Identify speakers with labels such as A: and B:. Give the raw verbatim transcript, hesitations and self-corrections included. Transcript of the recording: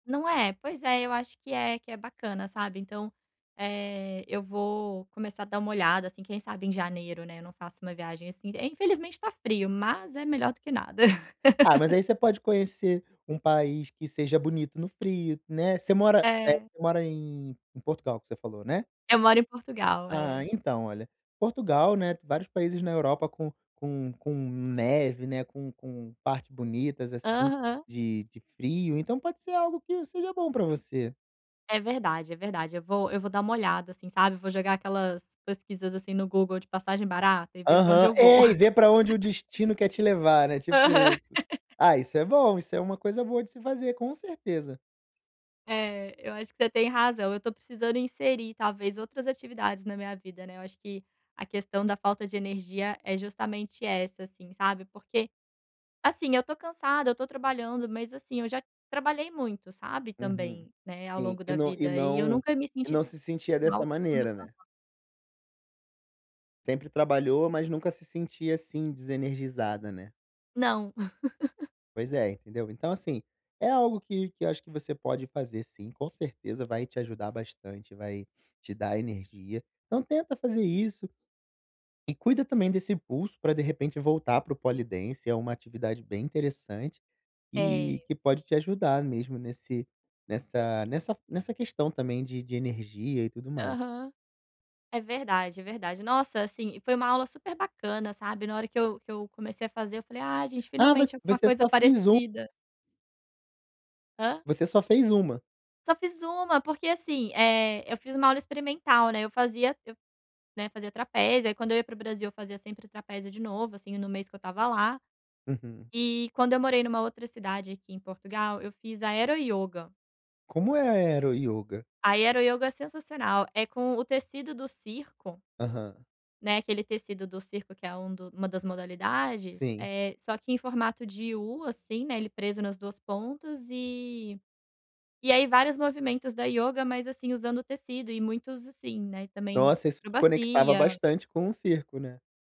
A: Não é. Pois é, eu acho que é que é bacana, sabe. Então, eh, eu vou começar a dar uma olhada, assim, quem sabe em janeiro, né, eu não faço uma viagem assim. Eh, infelizmente tá frio, mas é melhor do que nada.
B: Ah, mas aí você pode conhecer um país que seja bonito no frio, né, você mora eh,
A: É.
B: você mora em em Portugal que você falou, né?
A: Eu moro em Portugal, é.
B: Ah, então, olha: Portugal, né, vários países na Europa com com com neve, né, com com partes bonitas assim
A: Aham.
B: de de frio, então pode ser algo que seja bom pra você.
A: É verdade, é verdade. Eu vou eu vou dar uma olhada, assim, sabe, vou jogar aquelas pesquisas, assim, no Google de passagem barata e ver pra onde
B: Aham.
A: eu vou.
B: É, e vê pra onde o destino quer te levar, né, tipo
A: Aham.
B: isso. Ah, isso é bom, isso é uma coisa boa de se fazer, com certeza.
A: É, eu acho que você tem razão. Eu tô precisando inserir, talvez, outras atividades na minha vida, né. Eu acho que a questão da falta de energia é justamente essa, assim, sabe, porque, assim, eu tô cansada, eu tô trabalhando, mas, assim, eu já trabalhei muito, sabe,
B: Uhum,
A: também, né, ao
B: sim,
A: longo
B: e
A: da
B: não e
A: vida, e eu
B: não
A: nunca me
B: e
A: senti
B: não se sentia dessa
A: mal como
B: maneira,
A: estou
B: né.
A: agora.
B: Sempre trabalhou, mas nunca se sentia assim desenergizada, né.
A: Não.
B: Pois é, entendeu. Então, assim, é algo que que eu acho que você pode fazer sim, com certeza vai te ajudar bastante, vai te dar energia. Então, tenta fazer isso e cuida também desse impulso para, de repente, voltar para o Polidance. É uma atividade bem interessante e
A: É.
B: que pode te ajudar mesmo nesse nessa nessa nessa questão também de de energia e tudo mais.
A: Aham, é verdade, é verdade. Nossa, assim, e foi uma aula super bacana, sabe, na hora que eu que eu comecei a fazer, eu falei: "Ah, gente
B: Ah,
A: finalmente
B: você
A: alguma
B: você
A: coisa
B: só fez um.
A: parecida". Hã?
B: Você só fez uma?
A: Só fiz uma, porque, assim, eh, eu fiz uma aula experimental, né. Eu fazia eu, né, fazia trapézio, aí, quando eu ia para o Brasil, eu fazia sempre trapézio de novo, assim, no mês que eu estava lá.
B: Uhum.
A: E, quando eu morei numa outra cidade aqui em Portugal, eu fiz aero-yoga.
B: Como é aero-yoga?
A: Aero-yoga é sensacional, é com o tecido do circo
B: Aham.
A: né, aquele tecido do circo que é um do uma das modalidades,
B: Sim.
A: eh, só que em formato de U, assim, né, ele preso nas duas pontas e e aí, vários movimentos da yoga, mas, assim, usando o tecido, e muitos assim, né, e também
B: Nossa, isso te conectava
A: acrobacia.
B: bastante com o circo, né.